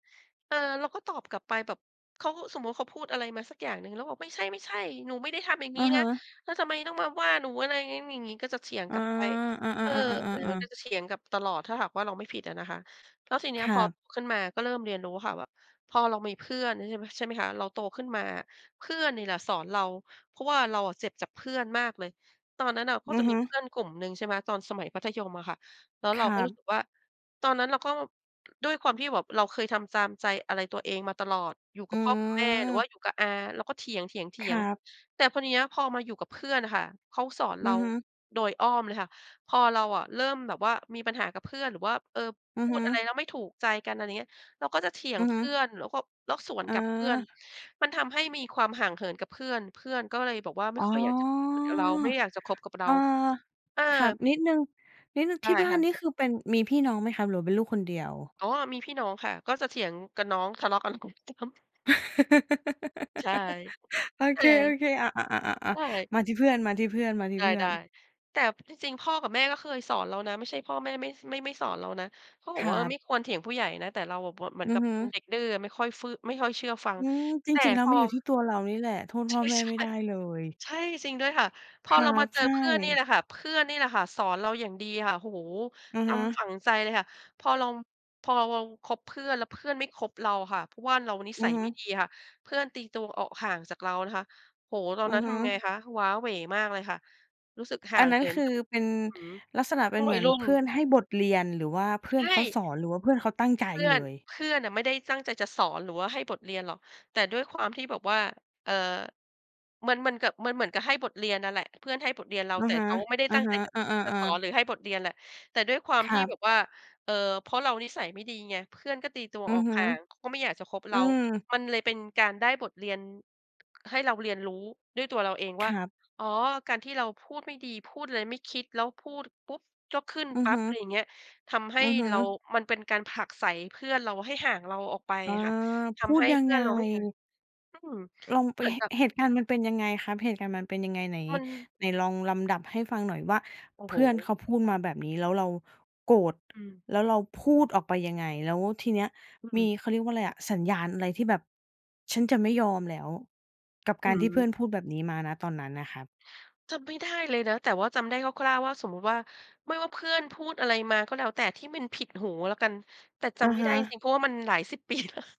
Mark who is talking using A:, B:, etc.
A: เออ เราก็ตอบกลับไปแบบ เขาก็ สมมุติเขาพูดอะไรมาสักอย่างหนึ่ง เราก็บอก ไม่ใช่ ๆ หนูไม่ได้ทำอย่างง
B: อ
A: ี้
B: ะ
A: น
B: ฮ
A: ะ
B: ะ
A: แล้วทำไมต้องมาว่าหนู อะไรงั้น อย่างงี้ ก็จะเถียง
B: อ๋
A: ก
B: อ
A: ลับไป เออ อ
B: ๆ
A: ย่
B: ๆ
A: าง
B: ๆ ๆ
A: น้อย
B: ๆ
A: ก็
B: ๆ
A: จะเถียงกลับตลอด ถ้าหากว่าเราไม่ผิดอะนะคะ แล้วทีเนี้
B: ค
A: ย
B: ร
A: พ
B: ั
A: อ
B: บ
A: ขึ้นมาก็เริ่มเรียนรู้ค่ะแบบ พอเรามีเพื่อน ใช่ ม ใช่ไหมคะ เราโตขึ้นมา เพื่อนนี่แหละสอนเรา เพราะว่าเราอะเจ็บจากเพื่อนมากเลย ตอนนั้นอะก็
B: อื
A: จ
B: อ
A: ะ
B: ฮ
A: มี
B: ึ
A: เพื่อนกลุ่มหนึ่งใช่ไหม ตอนสมัยมัธยมอะค่ะ แล้ว
B: ค
A: เรา
B: ร
A: ก
B: ั
A: ็รู้
B: บ
A: สึกว่า ตอนนั้นเราก็ ด้วยความที่แบบเราเคยทำตามใจอะไรตัวเองมาตลอด อยู่ก
B: อ
A: ั
B: ื
A: บพ่อกับแม่หรือว
B: ม
A: ่าอยู่กับอา เราก็เถี
B: ค
A: ย
B: ร
A: ง
B: ับ
A: ๆ ๆ แต่พอเนี้ย พอมาอยู่กับเพื่อนอะค่ะ เขาสอนเร
B: อื
A: า
B: อฮึ
A: โดยอ้อมเลยค่ะ พอเราอะเริ่มแบบว่ามีปัญหากับเพื่อนหรือว่า เออ
B: อื
A: พ
B: อ
A: ู
B: ฮ
A: ด
B: ึ
A: อะไรแล้วไม่ถูกใจกัน อะไรเงี้ย เราก็จะเถีย
B: อ
A: ง
B: ือ
A: เพ
B: ฮึ
A: ื่อน แล้วก็ แล้วสวน
B: อ
A: กลับเพื่อน
B: า
A: มันทำให้มีความห่างเหินกับเพื่อน เพื่อนก็เลยบอกว่า ไม่
B: อ๋อ
A: ค่อยอยากจะคุยกับเรา ไม่อยากจะคบกับเร
B: เ
A: า
B: ออ
A: เออ
B: ครับ นิดหนึ่ง นิดหนึ่ง
A: ได
B: ท
A: ้
B: ี่บ้า
A: ค
B: น
A: ่ะ
B: นี่คือเป็น มีพี่น้องไหมครับหรือว่าเป็นลูกคนเดียว?
A: อ๋อ มีพี่น้องค่ะ ก็จะเถียงกับน้อง ทะเลาะกับน้อง [unintelligible] ใช่
B: โอ
A: แต
B: เ
A: ่
B: ค ๆ อะ ๆ
A: ใช
B: ๆ ๆ
A: ่
B: ๆ มาที่เพื่อน มาที่เพื่อน มาที
A: ไ
B: ่
A: ด
B: เพื่อ
A: ้
B: น
A: ๆ แต่จริง ๆ พ่อกับแม่ก็เคยสอนเรานะ ไม่ใช่พ่อแม่ไม่ ส ไม่สอนเรานะ เขาบ
B: ค
A: อกว
B: ร
A: ่
B: ั
A: า เออ
B: บ
A: ไม่ควรเถียงผู้ใหญ่นะ แต่เราแบบว่าเหมือ
B: อ
A: น
B: ื
A: ก
B: อ
A: ับ
B: ฮ
A: เ
B: ึ
A: ป็นเด็กดื้ออะ ไม่ค่อยฟื้อ ไม่ค่อยเชื่อฟัง
B: อืม จ
A: แต่
B: ริง ๆ แล้
A: พ
B: ว
A: อ
B: มันอยู่ที่ตัวเรานี่แหละ โทษ
A: ใ
B: พ
A: ช
B: ่อ
A: ่
B: แม่ไม่ได้เลย
A: ๆ ใช่ จริงด้วยค่ะ พ
B: ค
A: อ
B: ร
A: เ
B: ั
A: รามา
B: บ
A: เจ
B: ใ
A: อ
B: ช
A: เพื่อนนี่
B: ่
A: แหละค่ะ เพื่อนนี่แหละค่ะ สอนเราอย่างดีค่ะ โอ้โฮ
B: อือ
A: จ
B: ฮึ
A: ำฝังใจเลยค่ะ พอเรา พอเราคบเพื่อน แล้วเพื่อนไม่คบเราอะค่ะ เพราะว่าเรานิ
B: อื
A: สั
B: อ
A: ย
B: ฮึ
A: ไม่ดีค่ะ เพื่อนตีตัวออกห่างจากเรานะคะ โอ้โฮ ตอ
B: อ
A: น
B: ื
A: นั
B: อ
A: ้น
B: ฮ
A: ท
B: ึ
A: ำไงคะ ว้าเหว่มากเลยค่ะ รู้สึกห่
B: อ
A: า
B: ัน
A: ง
B: นั
A: เ
B: ้
A: ห
B: น
A: ิ
B: ค
A: น
B: ื
A: ก
B: อ
A: ับ
B: เป็น
A: อืม
B: ลักษณะ
A: พ
B: เป็
A: ว
B: น
A: ก
B: เ
A: ว
B: ห
A: ั
B: มื
A: ย
B: อน
A: รุ่
B: เ
A: น
B: พื่อนให้บทเรียน หรือว่าเพ
A: ใ
B: ื
A: ช
B: ่อน
A: ่
B: เขาสอน หรือว่าเพื่อนเขาตั้งใจ
A: เพื่อ
B: เล
A: น
B: ย?
A: เพื่อนน่ะไม่ได้ตั้งใจจะสอน หรือว่าให้บทเรียนหรอก แต่ด้วยความที่แบบว่า เอ่อ มันเหมือนกับ มันเหมือนกับให้บทเรียนนั่นแหละ เพื่อนให้บทเรียนเรา
B: อะ
A: แต่
B: ฮะ
A: เขาไม่ได้
B: อะ
A: ตั้ง
B: ฮ
A: ใจ
B: ะ
A: จะ
B: อ
A: จะ
B: า
A: สอน
B: ๆ ๆ
A: หรือให้บทเรียนแหละ แต่ด้วยควา
B: ค
A: มท
B: รั
A: ี่แ
B: บ
A: บบว่า เอ่อ เพราะเรานิสัยไม่ดีไง เพื่อนก็ตีตัว
B: อื
A: อ
B: อ
A: อก
B: ฮึ
A: ห่าง เขาก็ไม่อยากจะคบเ
B: อ
A: ร
B: ื
A: า
B: ม
A: มันเลยเป็นการได้บทเรียน ให้เราเรียนรู้ด้วยตัวเราเอง
B: ค
A: ว่า
B: รับ
A: อ๋อ การที่เราพูดไม่ดี พูดอะไรไม่คิด แล้วพูดปุ๊บก็ขึ้น
B: อือ
A: ปั๊
B: ฮ
A: บ
B: ึ
A: อะไรอย่างเงี้ย ทำให้
B: อือฮึ
A: เรา มันเป็นการผลักไสเพื่อนเราให้ห่างเราออกไป
B: อา
A: อะค่ะ ท
B: พู
A: ำใ
B: ด
A: ห้
B: ยั
A: เพ
B: ง
A: ื่
B: ไ
A: อ
B: ง?
A: นเราไม่ ค่ะ อืม
B: ลองไป
A: เหมือนแบบ
B: เหตุการณ์มันเป็นยังไงครับ? เหตุการณ์มันเป็นยังไง? ไหน
A: มัน
B: ไหนลองลำดับให้ฟังหน่อยว่า
A: โอ้
B: เ
A: โ
B: พ
A: ฮ
B: ื่อนเขาพูดมาแบบนี้ แล้วเราโกรธ
A: อืม
B: แล้วเราพูดออกไปยังไง? แล้วทีเนี้ย
A: อื
B: มี
A: ม
B: เขาเรียกว่าอะไรอะ สัญญาณอะไร ที่แบบ ฉันจะไม่ยอมแล้ว กับ
A: อ
B: ก
A: ื
B: ารที่เพื่อน
A: ม
B: พูดแบบนี้มา ณ ตอนนั้นน่ะครับ
A: จำไม่ได้เลยนะ แต่ว่าจำได้คร่าว ๆ ว่า สมมุติว่า ไม่ว่าเพื่อนพูดอะไรมาก็แล้วแต่ที่มันผิดหูแล้วกัน แต่จ
B: อะ
A: ำไม่
B: ฮ
A: ได้จร
B: ะ
A: ิง ๆ เพราะว่ามันหลายสิบ ปีแล้ว